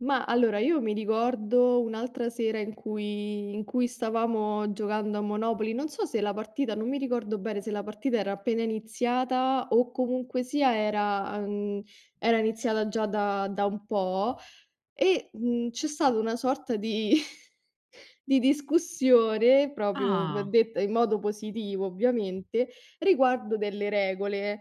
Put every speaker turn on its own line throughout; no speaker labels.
Ma allora, io mi ricordo un'altra sera in cui in cui stavamo giocando a Monopoly, non so se la partita, non mi ricordo bene se la partita era appena iniziata o comunque sia era, ehm, era iniziata già da da un po' e, mhmm, c'è stata una sorta di di discussione proprio, v
Ah.
detta in modo positivo ovviamente, riguardo delle regole,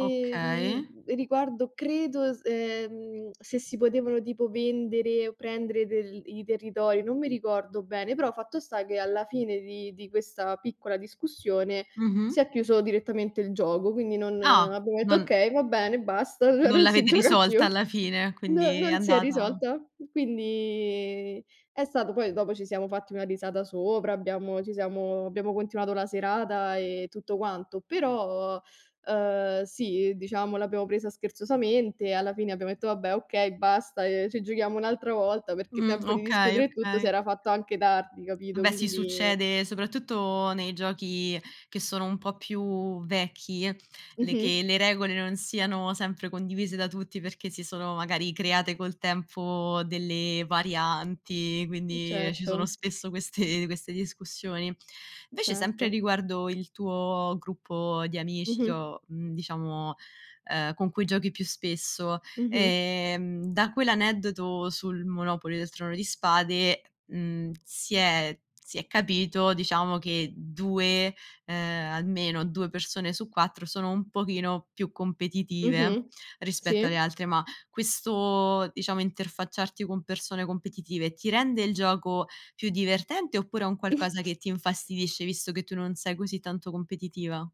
Okay.
riguardo credo es ehm, se si potevano tipo vendere o prendere del i territori, non mi ricordo bene, però fatto sta che alla fine di di questa piccola discussione si
Mh-mh.
è chiuso direttamente il gioco, quindi non
Ah,
abbiamo detto:
non
"Okay, va bene, basta", cioè
non
non si
l'avete
gioca più.
risolta alla fine,
Non
quindi è
non si è
andata
risolta. Quindi è stato poi dopo ci siamo fatti una risata sopra, abbiamo, ci siamo abbiamo continuato la serata, ehm, tutto quanto, però, ehm, sì, diciamo l'abbiamo presa scherzosamente, alla fine abbiamo detto: "Vabbè, okay, basta, ehm, ci giochiamo un'altra volta," perché
Mh,
tempo di
okay,
discutere e tutto si
okay.
era fatto anche tardi, capito,
Beh, sì,
quindi
succede soprattutto nei giochi che sono un po' più vecchi, l le
Mh-mh.
che le regole non siano sempre condivise da tutti perché si sono magari create col tempo delle varianti,
Mh,
quindi, ehm, ci sono
certo.
spesso queste queste discussioni. Invece, sempre
Certo.
riguardo il tuo gruppo di amici che
Mh-mh.
ho, mhmm, diciamo, ehm, con cui giochi più spesso,
Mh-mh.
ehm, da quell'aneddoto sul Monopoly del Trono di Spade, mhmm, si è si è capito, diciamo, che 2, ehm, almeno 2 persone su 4 sono un pochino più competitive
Mh-mh, sì.
rispetto alle altre, ma questo, diciamo, interfacciarti con persone competitive ti rende il gioco più divertente oppure è un qualcosa che ti infastidisce visto che tu non sei così tanto competitiva?